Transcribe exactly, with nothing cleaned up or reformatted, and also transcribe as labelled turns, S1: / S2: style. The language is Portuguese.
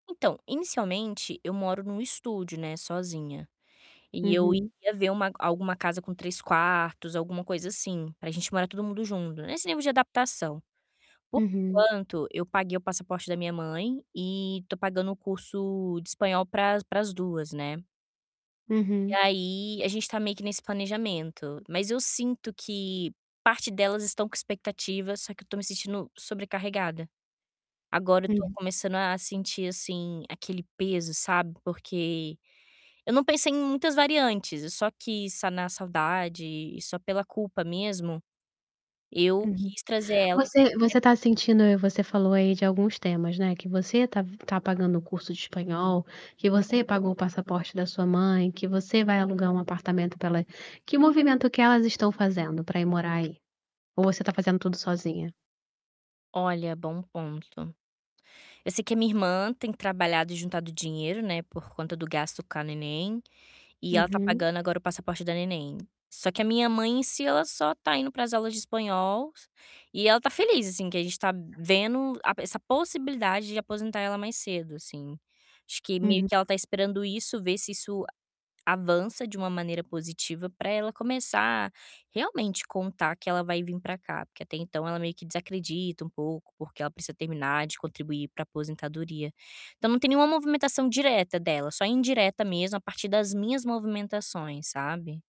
S1: Então, inicialmente, eu moro num estúdio, né, sozinha. E eu
S2: Uhum.
S1: ia ver uma alguma casa com três quartos, alguma coisa assim, para a gente morar todo mundo junto, nesse nível de adaptação. Por
S2: Uhum.
S1: enquanto, eu paguei o passaporte da minha mãe e tô pagando o curso de espanhol para as para as duas, né? E
S2: Uhum.
S1: aí, a gente está meio que nesse planejamento, mas eu sinto que parte delas estão com expectativas, só que eu estou me sentindo sobrecarregada. Agora, eu tô
S2: Uhum.
S1: começando a sentir, assim, aquele peso, sabe, porque eu não pensei em muitas variantes, eu só quis sanar a saudade e, só pela culpa mesmo, eu
S2: Uhum,
S1: quis trazer elas.
S2: você você está
S1: [unintelligible]
S2: sentindo, você falou aí de alguns temas, né, que você está está pagando o curso de espanhol, que você pagou o passaporte da sua mãe, que você vai alugar um apartamento pela que movimento que elas estão fazendo para ir morar aí? Ou você está fazendo tudo sozinha?
S1: Olha, bom ponto. Eu sei que a minha irmã tem trabalhado e juntado dinheiro, né, por conta do gasto com a neném, e ela tá
S2: Uhum.
S1: pagando agora o passaporte da neném. Só que a minha mãe, em si, ela só tá indo para as aulas de espanhol, e ela tá feliz, assim, que a gente tá vendo a essa possibilidade de aposentar ela mais cedo, assim. Acho que meio que
S2: Uhum.
S1: ela está esperando isso, ver se isso a avança de uma maneira positiva pra ela começar realmente contar que ela vai vim pra cá, porque até então ela meio que desacredita um pouco, porque ela precisa terminar de contribuir para aposentadoria. Então, não tem nenhuma movimentação direta dela, só indireta mesmo a partir das minhas movimentações, sabe?